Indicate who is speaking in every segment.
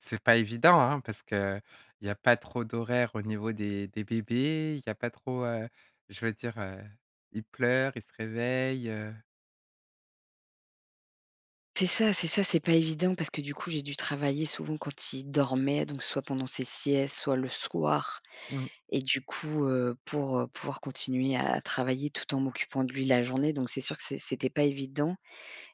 Speaker 1: C'est pas évident, hein, parce qu'il y a pas trop d'horaires au niveau des des bébés, il y a pas trop, heu, je veux dire, heu, ils pleurent, ils se réveillent, heu.
Speaker 2: C'est ça, c'est ça, c'est pas évident parce que du coup, j'ai dû travailler souvent quand il dormait, donc soit pendant ses siestes, soit le soir.
Speaker 1: Mmh.
Speaker 2: Et du coup, heu, pour, heu, pouvoir continuer à travailler tout en m'occupant de lui la journée, donc c'est sûr que c'est c'était pas évident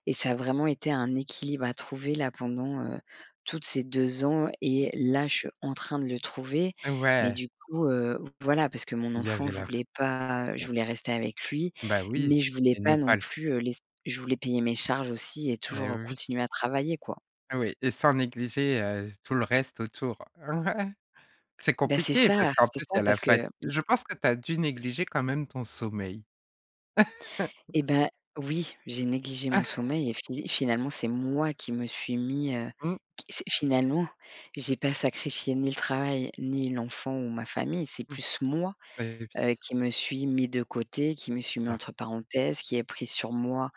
Speaker 2: et ça a vraiment été un équilibre à trouver là, pendant, heu, toutes ces 2 ans, et
Speaker 1: [unintelligible]
Speaker 2: là, je suis en train de le trouver. Mais
Speaker 1: Ouais.
Speaker 2: du coup, heu, v voilà, parce que mon
Speaker 1: Il y
Speaker 2: enfant,
Speaker 1: avait
Speaker 2: je
Speaker 1: la f
Speaker 2: voulais pas, heu,
Speaker 1: la
Speaker 2: je
Speaker 1: f
Speaker 2: voulais rester avec lui,
Speaker 1: bah oui,
Speaker 2: mais je voulais
Speaker 1: et ne
Speaker 2: pas
Speaker 1: pas
Speaker 2: non
Speaker 1: l
Speaker 2: plus, heu, laisser je voulais payer mes charges aussi et
Speaker 1: Et
Speaker 2: toujours
Speaker 1: oui.
Speaker 2: continuer à travailler, quoi.
Speaker 1: Oui et sans négliger, heu, tout le reste autour. C'est
Speaker 2: Beh c'est
Speaker 1: compliqué parce
Speaker 2: ça,
Speaker 1: qu'en
Speaker 2: c'est
Speaker 1: plus, il y
Speaker 2: ça,
Speaker 1: a la
Speaker 2: parce que,
Speaker 1: fat
Speaker 2: hem
Speaker 1: je pense que tu as dû négliger quand même ton sommeil.
Speaker 2: Et bah, oui, j'ai négligé mon sommeil et fi finalement, c'est moi qui me suis mis, heu,
Speaker 1: Mmh.
Speaker 2: qui s'est finalement, j'ai pas sacrifié ni le travail, ni l'enfant ou ma famille. C'est
Speaker 1: Mmh.
Speaker 2: plus moi,
Speaker 1: Et oui.
Speaker 2: heu, qui me suis mis de côté, qui me suis mis
Speaker 1: Ah.
Speaker 2: entre parenthèses, qui ai pris sur moi,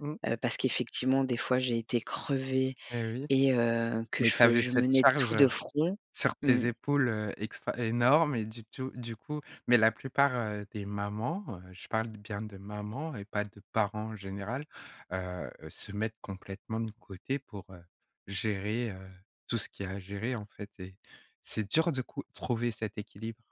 Speaker 1: Mmh.
Speaker 2: heu, parce qu'effectivement, des fois, j'ai été crevée
Speaker 1: Et oui.
Speaker 2: et heu, que
Speaker 1: Mais
Speaker 2: je
Speaker 1: tu
Speaker 2: fe
Speaker 1: avais
Speaker 2: je
Speaker 1: cette
Speaker 2: menais
Speaker 1: charge,
Speaker 2: tout de
Speaker 1: heu,
Speaker 2: front.
Speaker 1: sur
Speaker 2: Mmh.
Speaker 1: tes épaules, heu, extra, énorme et du tou du coup mais la plupart, heu, des mamans, heu, je parle bien de mamans et pas de parents en général, heu heu, se mettent complètement de côté pour, heu, gérer, heu, tout ce qu'il y a à gérer, en fait et c'est dur de cou trouver cet équilibre.